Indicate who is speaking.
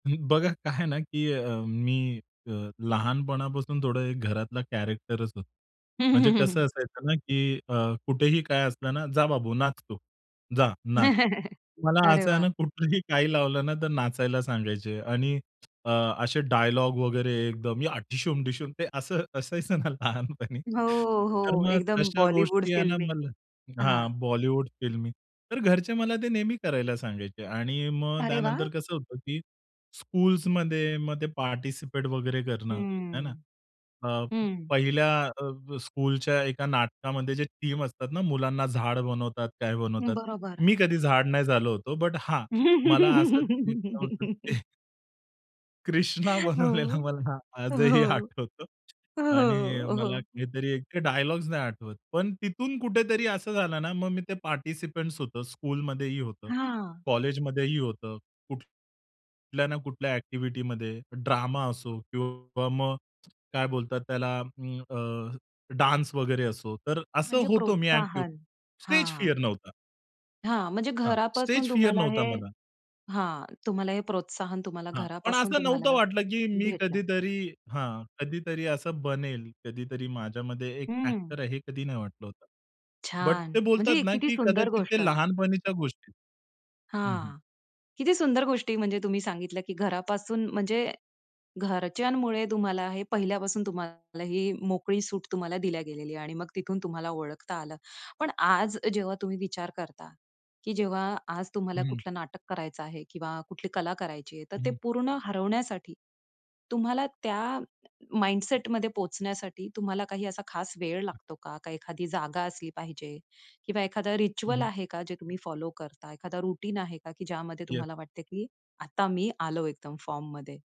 Speaker 1: ही, बघा काय आहे ना, की अ, मी अ लहानपणापासून थोडं घरातला कॅरेक्टरचं होतो. म्हणजे कसं असायचं ना, की अ, कुठेही काय असलं ना, "जा बाबू नाच तू. जा नाच." मला
Speaker 2: अरे
Speaker 1: असं आहे ना
Speaker 2: वाह!
Speaker 1: कुठेही काही लावलं ना, तर नाचायला सांगायचे आणि ,असे डायलॉग वगैरे एकदम, या ढीशूम ढीशूम ते असं असायचं ना लहानपणी.
Speaker 2: हो,
Speaker 1: तर
Speaker 2: हो.
Speaker 1: मग
Speaker 2: एकदम
Speaker 1: तशा
Speaker 2: बॉलिवूड
Speaker 1: गोष्टी आहे ना
Speaker 2: फिल्मी
Speaker 1: मला
Speaker 2: हां.
Speaker 1: हां, बॉलिवूड फिल्मी. तर घरचे मला ते नेहमी करायला सांगायचे आणि मग
Speaker 2: अरे
Speaker 1: त्यानंतर
Speaker 2: वाह!
Speaker 1: कसं होतं, की स्कूल्समध्ये मग ते पार्टिसिपेट वगैरे करणं आहे ना.
Speaker 2: हम्म,
Speaker 1: अ,
Speaker 2: हं.
Speaker 1: पहिल्या अ, स्कूलच्या एका नाटकामध्ये जे थीम असतात ना, मुलांना झाड बनवतात, काय बनवतात.
Speaker 2: बरोबर.
Speaker 1: मी कधी झाड नाही झालो होतो. बट हां, मला असं वीक लावून ते कृष्णा
Speaker 2: हो.
Speaker 1: बनवलेला मला आजही
Speaker 2: हो.
Speaker 1: आठवतं आणि
Speaker 2: हो,
Speaker 1: मला
Speaker 2: हो.
Speaker 1: काहीतरी एक डायलॉग्स नाही आठवत. पण तिथून कुठेतरी असं झालं ना मग मी ते पार्टिसिपंट्स होतो, स्कूलमध्ये ही होतं.
Speaker 2: हां.
Speaker 1: कॉलेजमध्येही होतं. कुठ कुठल्या ना कुठल्या एक्टिव्हिटीमध्ये. ड्रामा असो किंवा मग काय बोलतात अं, अ, त्याला डान्स वगैरे असो तर असं
Speaker 2: म्हणजे
Speaker 1: होतो मी एक्टिव्ह.
Speaker 2: प्रोत्साहन,
Speaker 1: स्टेज
Speaker 2: हां.
Speaker 1: फिअर नव्हता.
Speaker 2: हां, म्हणजे
Speaker 1: हां, स्टेज
Speaker 2: घरापासून
Speaker 1: फिअर
Speaker 2: तुम्हाला
Speaker 1: नव्हता
Speaker 2: हे
Speaker 1: मला.
Speaker 2: हां. तुम्हाला हे प्रोत्साहन तुम्हाला
Speaker 1: हां, पण
Speaker 2: घरापासून
Speaker 1: असं नव्हतं
Speaker 2: तुम्हाला,
Speaker 1: वाटलं कि मी
Speaker 2: भेटलं.
Speaker 1: कधीतरी हां. कधीतरी असं बनेल. कधीतरी माझ्यामध्ये एक
Speaker 2: हं.
Speaker 1: एक्टर आहे, हे कधी नाही वाटलं होतं. बट
Speaker 2: छान.
Speaker 1: ते
Speaker 2: म्हणजे
Speaker 1: बोलतात ना,
Speaker 2: किती
Speaker 1: कि
Speaker 2: सुंदर
Speaker 1: कदाचित
Speaker 2: गोष्ट.
Speaker 1: ते लहानपणीच्या गोष्टी हं, हं.
Speaker 2: हां. किती सुंदर गोष्टी म्हणजे तुम्ही सांगितल्या की घरापासून म्हणजे, घरच्यांमुळे तुम्हाला हे पहिल्यापासून तुम्हाला ही मोकळी सूट तुम्हाला दिल्या गेलेली आहे. आणि मग तिथून तुम्हाला ओळखता आलं. पण आज जेव्हा तुम्ही विचार करता. की जेव्हा आज तुम्हाला
Speaker 1: हं.
Speaker 2: कुठलं नाटक करायचं आहे किंवा कुठली कला करायची आहे, तर ते
Speaker 1: हं.
Speaker 2: पूर्ण हरवण्यासाठी, तुम्हाला त्या माइंडसेटमध्ये पोहोचण्यासाठी तुम्हाला काही असा खास वेळ
Speaker 1: हं.
Speaker 2: लागतो का? एखादी जागा असली पाहिजे किंवा एखादा
Speaker 1: हं,
Speaker 2: रिच्युअल
Speaker 1: हं.
Speaker 2: आहे का जे तुम्ही फॉलो करता? एखादा रूटीन आहे का? की ज्यामध्ये
Speaker 1: येस.
Speaker 2: तुम्हाला वाटत, की आता मी आलो एकदम फॉर्ममध्ये.